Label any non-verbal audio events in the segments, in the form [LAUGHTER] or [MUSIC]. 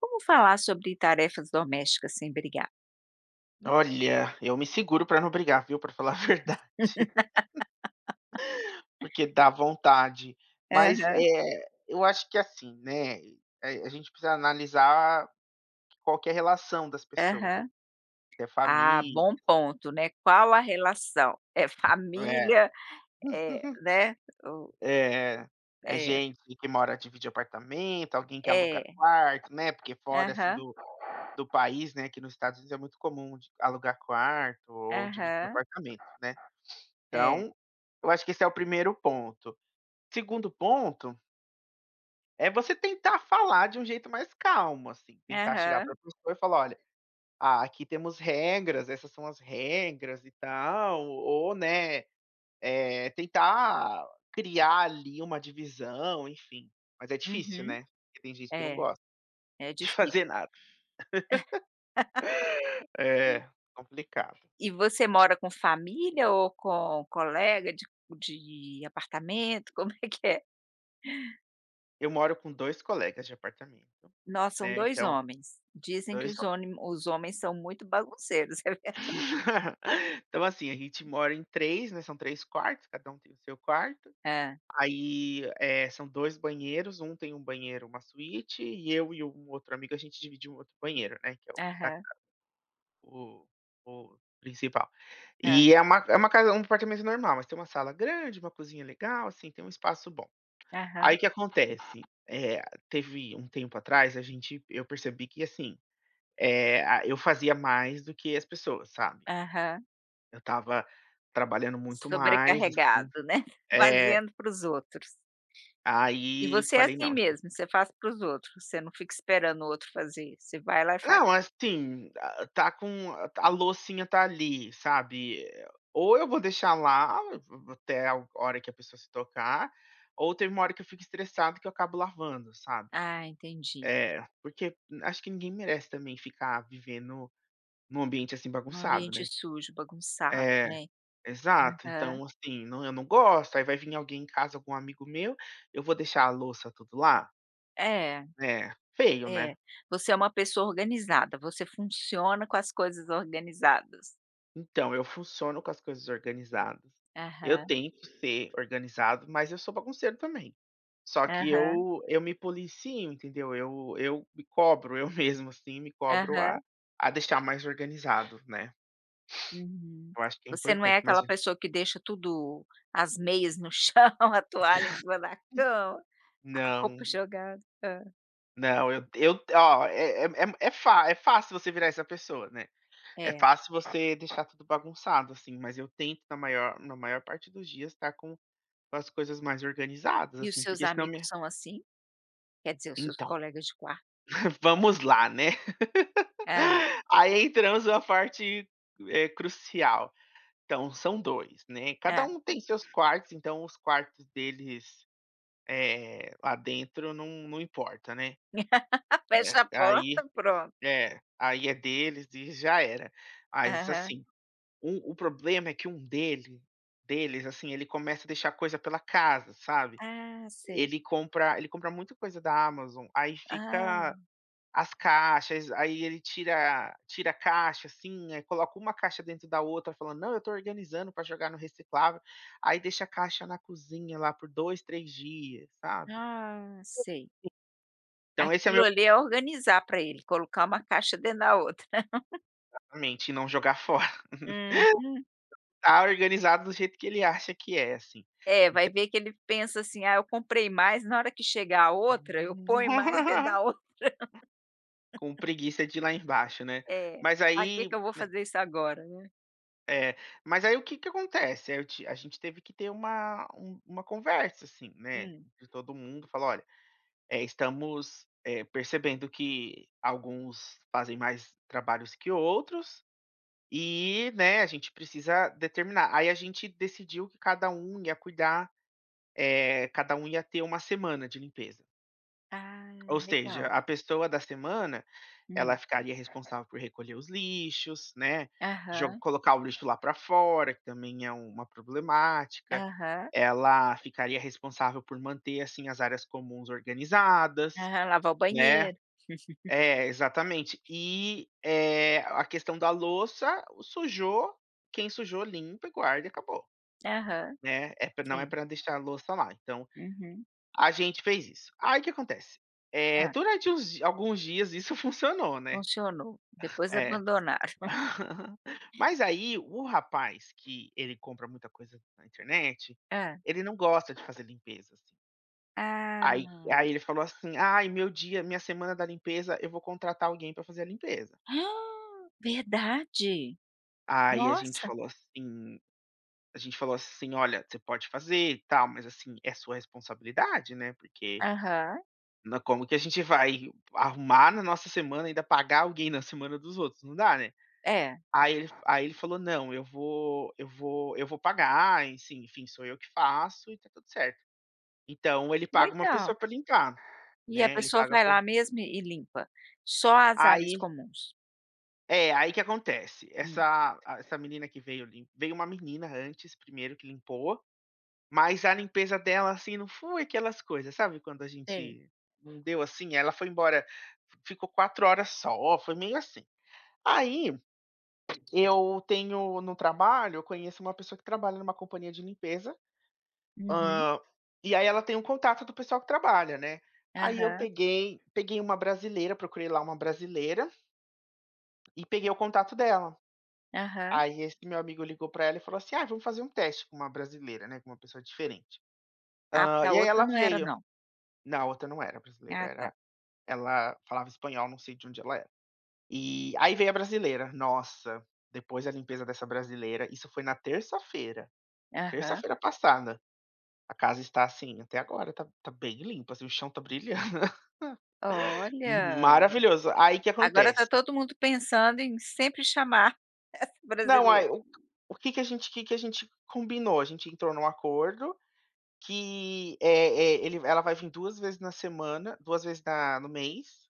Como falar sobre tarefas domésticas sem brigar? Olha, eu me seguro pra não brigar viu, pra falar a verdade. [CHUCKLES] [LAUGHS] Porque dá vontade, mas, Aham. eh, eu acho que, assim, né, eh, a gente precisa analisar, qual que é a relação das pessoas Aham. se é Ah, família bom ponto, né, qual a relação? É É. família, eh, [CHUCKLES] né, o É, é, É. gente que uma hora divide apartamento, alguém que aluga É. quarto, né, porque fora, assim Aham. do do país, né aqui no Estados Unidos é muito comum de alugar quarto ou dividir Aham. apartamento, né, É. então, eu acho que esse é o 1º ponto, 2º ponto é você tentar falar de um jeito mais calmo, assim, tentar chegar para Aham. a pessoa e falar: "Olha, a aqui temos regras, essas são as regras, e tal", ou né, eh, tentar criar, ali uma divisão, enfim, mas é difícil, Uhum. né, porque tem gente que não É, gosta, é de difícil. fazer nada. [LAUGHS] [LAUGHS] É, complicado. E você mora com família ou com colega de qu de apartamento, como é que é? Eu moro com 2 colegas de apartamento, No são né, 2 então homens, dizem que 2 os homens. onimo os homens são muito bagunceiros, é verdade? [LAUGHS] Então, assim, a gente mora em 3, né, são 3 quartos, cada um tem o seu quarto, Hã. aí, eh, são 2 banheiros, 1 tem 1 banheiro uma suíte, e eu e um outro amigo a gente divide um outro banheiro, né, que é o da casa, Aham. o o principal. Hã. E, é uma é ca uma casa um apartamento normal, mas tem uma sala grande, uma cozinha legal, assim, tem um espaço bom. Aí Aham. o que acontece, eh, teve um tempo atrás a gente eu percebi que, assim, eh, a eu fazia mais do que as pessoas, sabe? Aham. Eu estava trabalhando muito mais, assim, Sobrecarregado, né, eh fazendo para os outros. E aí você é falei: assim "Não, gen" mesmo, você faz para os outros, você não fica esperando o outro fazer, você vai lá e faz? Não, assim, a a está com a a loucinha está ali, sabe, eh, ou eu vou deixar lá, v v até a hora que a pessoa se tocar, ou teve uma hora que eu fico estressado que eu acabo lavando, sabe. Ah, entendi. É, porque acho que ninguém merece também ficar vivendo, em um ambiente assim Um bagunçado, ambiente né sujo, bagunçado É, né? exato, Aham. então assim, não, eu não gosto, aí vai vim alguém em casa, algum amigo meu, eu vou deixar a louça tudo lá? É, É, feio, é. né? Você é uma pessoa organizada, você funciona com as coisas organizadas? Então eu funciono com as coisas organizadas. Eu Aham. tento ser organizado, mas eu sou bagunceiro também. Só que Aham. eu eu me policio entendeu. Eu eu me cobro, eu mesmo, assim, me cobro a Aham. a deixar mais organizado, né. Uhum, Eu acho que é você não importante, é mas aquela pessoa que deixa tudo as meias no chão, a toalha em cima na cama, a roupa Não. jogada Hã. Não, eu t eu t ó, é é m é m é fá é fácil você virar essa pessoa, né. É É. fácil você deixar tudo bagunçado assim, mas eu tento na maior na maior parte dos dias estar com com as coisas mais organizadas, E os assim, seus porque senão amigos minha são assim? Quer dizer os seus Então, colegas de qua [CHUCKLES] vamos lá, né, Hã. [LAUGHS] aí entramos numa parte, eh, crucial. Então são 2, né, cada Hã. um tem seus quartos, então os quartos deles, eh, lá dentro não não importa, né. [LAUGHS] É, Fecha a aí porta, pronto. É, aí é deles e já era. Mas Aham. assim, o o problema é que um dele deles, assim, ele começa a deixar coisa pela casa, sabe. Ah, sei. Ele compra ele compra muito coisa da Amazon, aí fica Ah. as caixas, aí ele tira tira a caixa, assim, aí coloca uma caixa dentro da outra falando: "Não, eu estou organizando para jogar no reciclável", aí deixa a caixa na cozinha lá por 2, 3 dias, sabe. Ah, sei. Então esse é Aquilo meu ali é organizar para ele, colocar uma caixa dentro da outra. [LAUGHS] Exatamente, e não jogar fo Uhum. Tá organizado do jeito que ele acha que é, assim, É, ent vai ver que ele pensa assim: "Ah, eu comprei mais, na hora que chegar a outra, eu ponho mais dentro [LAUGHS] da outra". Com [LAUGHS] preguiça de ir lá embaixo, né, É, mas "pra que aí que eu vou n fazer isso agora?", né. É, mas aí o que que acontece? Eh, aí eu ti a gente teve que ter uma um uma conversa, assim, né, Hum. de todo mundo, falar: "Olha, eh, estamos, eh, percebendo que alguns fazem mais trabalhos que outros e, né, a gente precisa determinar", aí a gente decidiu que cada um ia cuidar eh, cada um ia ter uma semana de limpeza. Ah, Ou seja, legal. a pessoa da semana, ela Hum. ficaria responsável por recolher os lixos, né, jo Aham. colocar o lixo lá para fora, que também é uma problemática. Aham. Ela ficaria responsável por manter, assim, as áreas comuns organizadas, Aham, lavar o né. banheiro. [LAUGHS] É, exatamente. E, eh, a questão da louça, o sujou quem sujou limpa e guarda e acabou, Aham, né. É não é sim. para deixar a louça lá, então Uhum. a gente fez isso. Aí o que acontece, eh, Hã. durante uns di alguns dias isso funcionou, né. Funcionou, [CHUCKLES] depois É. abandonaram. [CHUCKLES] [CHUCKLES] Mas aí o rapaz que ele compra muita coisa na internet, Hã. ele não gosta de fazer limpezas. Ah, Aí não. aí ele falou assim: "Ai, meu dia minha semana da limpeza, eu vou contratar alguém para fazer a limpeza". [GASPS] Verdade? Aí a gente Nossa! falou assim a gente falou assim: "Olha, você pode fazer e tal, mas assim, é sua responsabilidade, né, porque Aham. nã" Como que a gente vai arrumar na nossa semana e ainda pagar alguém na semana dos outros? Não dá, né. É. Aí ele aí ele falou: "Não, eu vou eu vou eu vou pagar, em sim enfim, sou eu que faço e está tudo certo". Então ele paga uma Legal. pessoa para limpar, E a né, ele pessoa paga a vai pe lá mesmo e e limpa, só as áreas Aí comuns? É, aí que que acontece? Hum. Essa a essa menina que veio lim veio uma menina antes 1º que limpou, mas a limpeza dela, assim, não foi aquelas coisas, sabe, quando a Sei. gente, não deu, assim? Ela foi embora, f ficou 4h só, foi meio, assim. Aí, eu tenho no trabalho, eu conheço uma pessoa que trabalha, em uma companhia de limpeza, Uhum. hã, e aí ela tem o contato do pessoal que trabalha, né. Aí eu Aham. peguei peguei uma brasileira, eu procurei lá uma brasileira e peguei o contato dela. Aham. Aí esse meu amigo ligou pra ela e falou assim, ah, vamos fazer um teste com uma brasileira, né, com uma pessoa diferente. Ah, porque Hã. a E aí outra ela não era veio. não? Não a outra não era brasileira, Ah, tá. era ela falava espanhol, eu não sei de onde ela era. Eh, aí veio a brasileira, nossa, depois da limpeza dessa brasileira, isso foi na terça-feira. Aham. Terça-feira passada, a casa está, assim, até agora tá tá bem limpa, assim, o chão tá brilhando. [CHUCKLES] Uhum, Olha! maravilhoso! Aí que Agora tá acontece? todo mundo pensando em sempre chamar, essa Não, brasileira. aí. O que que que a gente o que que a gente combinou. A gente entrou num acordo que, eh eh, ele ela vai vir 2 vezes na semana, 2 vezes na no mês,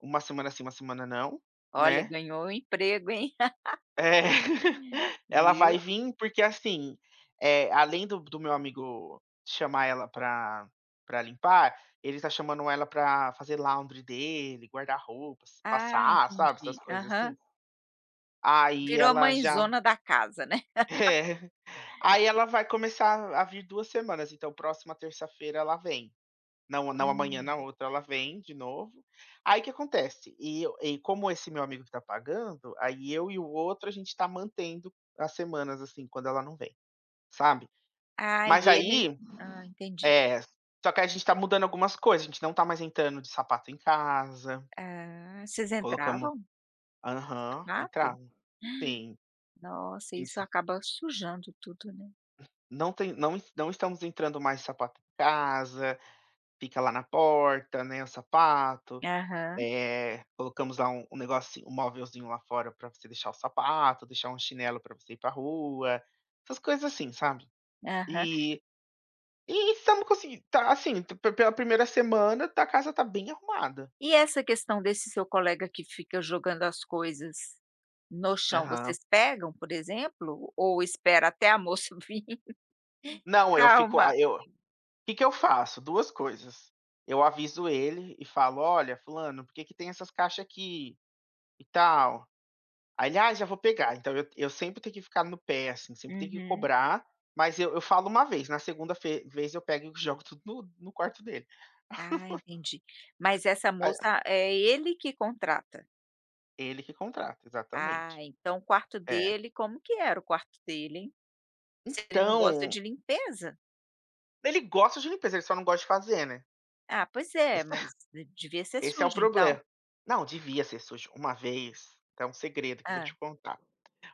uma semana sim, uma semana não, Olha né. ganhou um emprego hein? [CHUCKLES] É! [GIGGLES] Ela vai Viu. vim porque assim, eh, além do do meu amigo chamar ela pra pra limpar, ele tá chamando ela pra fazer laundry dele, guardar roupas, Ah, passar, sabe essas entendi, coisas assim. aham. Aí Virou ela já mãezona da casa, né. [CHUCKLES] É. Aí ela vai começar a vir 2 semanas, então próxima terça-feira ela vem. Não não amanhã, na Hum. outra ela vem de novo. Aí o que acontece? E eu e como esse meu amigo que tá pagando, aí eu e o outro, a gente tá mantendo as semanas, assim, quando ela não vem, sabe. Ai Mas e ele, aí, ah, entendi. é, só que a gente tá mudando algumas coisas, a gente não tá mais entrando de sapato em casa. Ah. Vocês Colocamos. entravam? Aham, Sapato? entrava. Sim. [GASPS] Nossa Sim, isso sim. acaba sujando tudo, né. Não tem não es não estamos entrando, mais de sapato em casa, fica lá na porta, né, o sapato, Aham. eh, colocamos lá um um negocinho, um móvelzinho lá fora pra você deixar o sapato, deixar um chinelo pra você ir pra rua, essas coisas assim, sabe. Aham. Eh, e se eu não conseguir tá assim, pe pe pela 1º tá, a casa tá bem arrumada. E essa questão desse seu colega que fica jogando as coisas, no chão? Aham. Vocês pegam, por exemplo, ou espera até a moça vim? [CHUCKLES] Não, eu Pra fico, arrumar. ah, eu que que eu faço? 2 coisas. Eu aviso ele e falo: "Olha fulano, por que que tem essas caixas aqui tal?" Aí ele: "Ai já vou pegar." Então eu eu sempre tenho que ficar no pé, assim, sempre tenho que Uhum. cobrar, mas eu eu falo uma vez, na 2º fe vez eu pego e jogo tudo no no quarto dele. Ah [CHUCKLES] entendi, mas essa [UNINTELLIGIBLE] moça é ele que contrata. Ele que contrata, Ah, exatamente. então o quarto É. dele como que era o quarto dele, hein, se ele não gosta Então de limpeza? ele gosta de limpeza, ele só não gosta de fazer, né. Ah, pois é, eh, mas [CHUCKLES] devia ser Esse é o sujo, então? proble não, devia ser sujo. Uma vez, tem um segredo que eu vou Hã. te contar,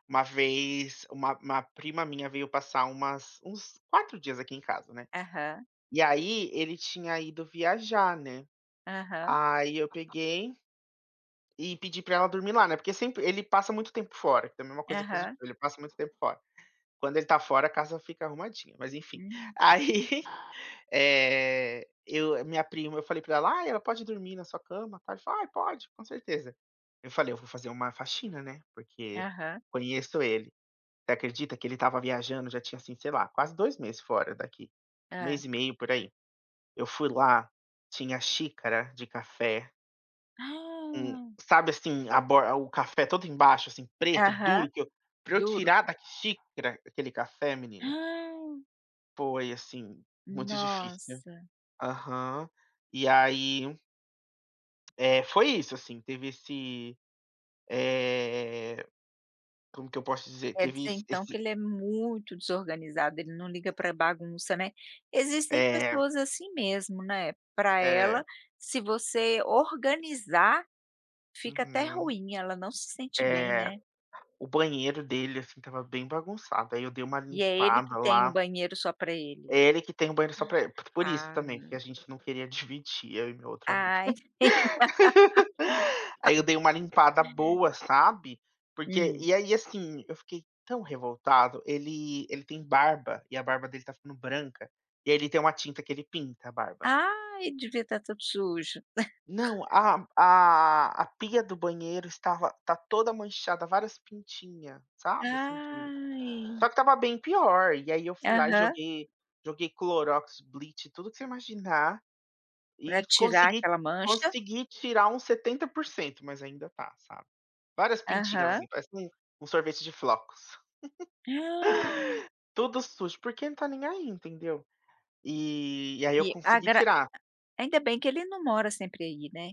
uma vez uma uma prima minha veio passar umas uns 4 dias aqui em casa, né, Aham. e aí ele tinha ido viajar, né, Aham. aí eu peguei e pedi para ela dormir lá, né, porque sempre ele passa muito tempo fora. Também é uma coisa po Aham. ele passa muito tempo fora. Quando ele está fora, a casa fica arrumadinha, mas, enfim. Hum. Aí, eh, eu a minha prima eu falei para ela: "Ah, ela pode dormir na sua cama?" Ela falou: "Ai, pode, com certeza." Eu falei: "Eu vou fazer uma faxina, né, porque Aham. conheço ele." Você acredita que ele estava viajando, já tinha, assim, sei lá, quase 2 meses fora daqui, 1 Hã. mês e meio, por aí? Eu fui lá, tinha xícara de café com, [GASPS] sabe assim a bor o café todo embaixo assim preto, Aham, duro que eu para eu duro. tirar da xícara aquele café menina. [GASPS] Foi assim muito difícil. Nossa! Aham, e, aí eh, foi isso assim teve esse eh, como que eu posso te dizer? Quer Teve dizer, es então esse que ele é muito desorganizado, ele não liga pra bagunça, né, existem É. pessoas assim mesmo, né, pra É. ela se você organizar, fica até Uhum. ruim, ela não se sente bem, É. né. O banheiro dele, assim, estava bem bagunçado, aí, eu dei uma E é ele que limpada tem o lá. banheiro só para ele? É ele que tem o banheiro só pra el, por isso também que a Ah. gente não queria dividir, eu e meu outro amigo, Ai. [LAUGHS] [LAUGHS] aí, eu dei uma limpada boa, sabe, porque Hum. e, aí, assim, eu fiquei tão revoltado, ele ele tem barba, e a barba dele tá ficando branca e, aí, ele tem uma tinta que ele pinta a barba. Ai, devia estar tudo sujo. Não, [CHUCKLES] a a a pia do banheiro estava tá toda manchada, várias pintinha, sabe assim, de só Ai. que estava bem pior e, aí, eu fui lá e Aham. joguei joguei clorox, lit, tudo que você imaginar Pra e tirar consegui aquela mancha. consegui tirar uns 70%, mas ainda tá, sabe? Várias pintinhas, Aham. assim, parece um um sorvete de flocos. [CHUCKLES] Hã. Tudo sujo, porque não tá nem aí, entendeu? E e, aí, eu E consegui agra a tirar. ainda bem que ele não mora sempre aí, né.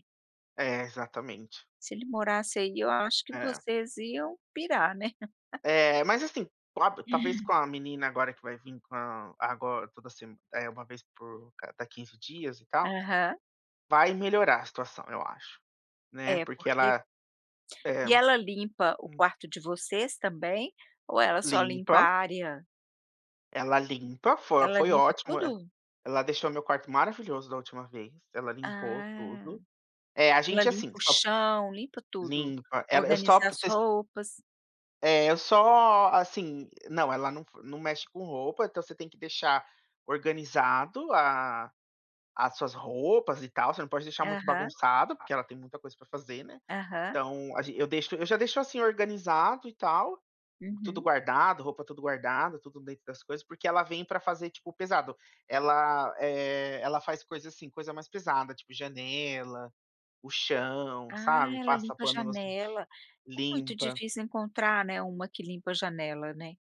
É, exatamente. Se ele morasse aí, eu acho que É. vocês iam pirar, né. [CHUCKLES] É, mas, assim, com a talvez com a menina agora que vai vir com a ago toda se eh, uma vez por cada 15 dias e tal, Aham. vai melhorar a situação, eu acho, né. É, Porque porque ela É. E ela limpa o Hum. quarto de vocês também ou ela só limpa Limpa. a área Ela limpa Foi Ela foi limpa ótimo, e tudo? ela deixou meu quarto maravilhoso da última vez, ela limpou Ah. tudo. É, a Ela gente, assim, limpa o só p chão, limpa tudo, Limpa. Ela eu só organiza p as roupas. É, eu só, assim Não, ela não f não mexe com roupa, então você tem que deixar organizado a as suas roupas e tal. Você não pode deixar muito Aham. bagunçado, porque ela tem muita coisa pra fazer, né, Aham. então a ge eu deixo eu já deixo, assim, organizado e tal, tudo Uhum. guardado, roupa tudo guardada, tudo dentro das coisas, porque ela vem pra fazer, tipo, o pesado. Ela, eh, ela faz coisa, assim, coisa mais pesada, tipo, janela, o chão, Ah, sabe, ela passa limpa pano no janela. É muito limpa. difícil encontrar, né, uma que limpa a janela, né.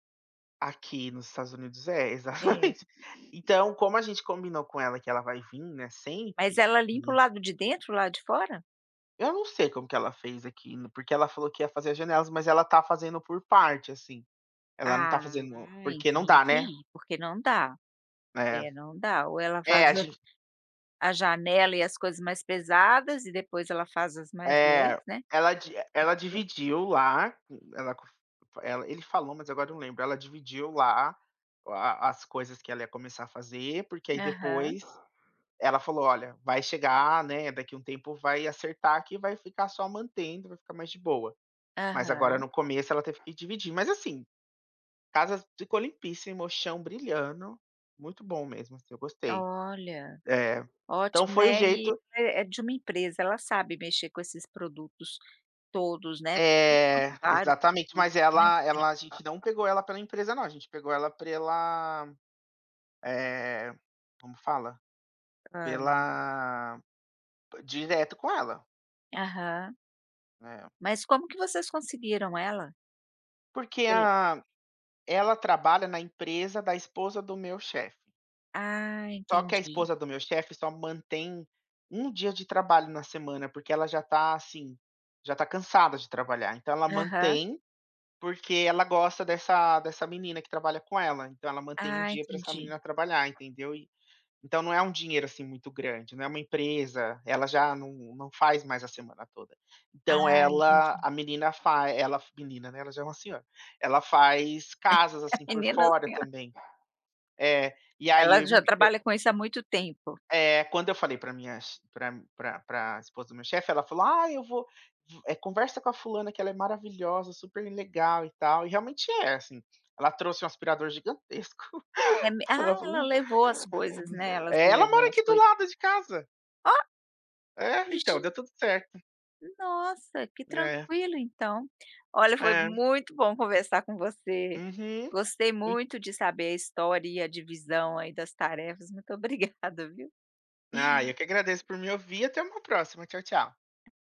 Aqui nos Estados Unidos é, É. exatamente. Então como a gente combinou com ela que ela vai vir, né, Mas sempre. ela limpa o lado de dentro e o lado de fora? Eu não sei como que ela fez aquilo. Porque ela falou que ia fazer as janelas mas ela está fazendo por parte, assim. Ela não tá Ah, fazendo porque não dá, né. entendi. Porque não dá. É. É, não dá ou ela É, a faz a gen a janela e as coisas mais pesadas e depois ela faz as mais leves, É. né.. Ela di ela [UNINTELLIGIBLE] dividiu lá. Ela cof ela ele falou, mas agora eu não lembro. Ela dividiu lá a a as coisas que ela ia começar a fazer, porque aí Aham. depois, ela falou: "Olha, vai chegar, né, daqui um tempo vai acertar aqui e vai ficar só mantendo. Vai ficar mais de boa". Mas, agora Aham. no começo, ela teve que dividir. Mas, assim, casas ficou limpíssimo, chão brilhando, muito bom mesmo, assim, eu gostei. Olha. É. Então, Ótimo, foi o né. E jeito é é de uma empresa, ela sabe mexer com esses produtos todos, né. Porque são É, vários exatamente. Mas produtos, né, ela tem ela a gente não pegou ela pela empresa, não. A gente pegou ela pela, eh, como fala? Hã. Pela direto com ela. Aham. É. Mas como que vocês conseguiram ela? Porque, Pela ah, ela trabalha na empresa da esposa do meu chefe. Ah, Só que a entendi. esposa do meu chefe só mantém 1 dia de trabalho na semana, porque ela já está, assim, já está cansada de trabalhar. Então, ela Aham. mantém, porque ela gosta dessa dessa menina que trabalha com ela. Então, ela mantém 1 Ah, dia para essa entendi. menina trabalhar, entendeu? Então, não é um dinheiro, assim, muito grande, não é uma empresa, ela já não não faz mais a semana toda. Então, Ah, ela entendi. a menina fa ela menina, né, ela já é uma senhora, ela faz casas, [LAUGHS] A assim, por menina, fora assim, ó. também. É. E aí, Ela já eu trabalha com isso há muito tempo. É. Quando eu falei para minhas ch pra pra pra esposa do meu chefe, ela falou: "Ai, eu vou v eh, conversa com a fulana que ela é maravilhosa! Super legal, e tal". E, realmente, é assim. Ela trouxe um aspirador gigantesco. É me Ela Ah, ela falou levou as coisas, né. Elas É, ela levam mora as aqui do coisas. lado de casa. Ó, É, então, gen deu tudo certo. Nossa, que É. tranquilo, então. Olha, foi É. muito bom conversar com você. Uhum. Gostei Hum. muito de saber a história e a divisão aí das tarefas. Muito obrigada, viu. Ah, eu que agradeço por me ouvir. Até uma próxima. Tchau, tchau.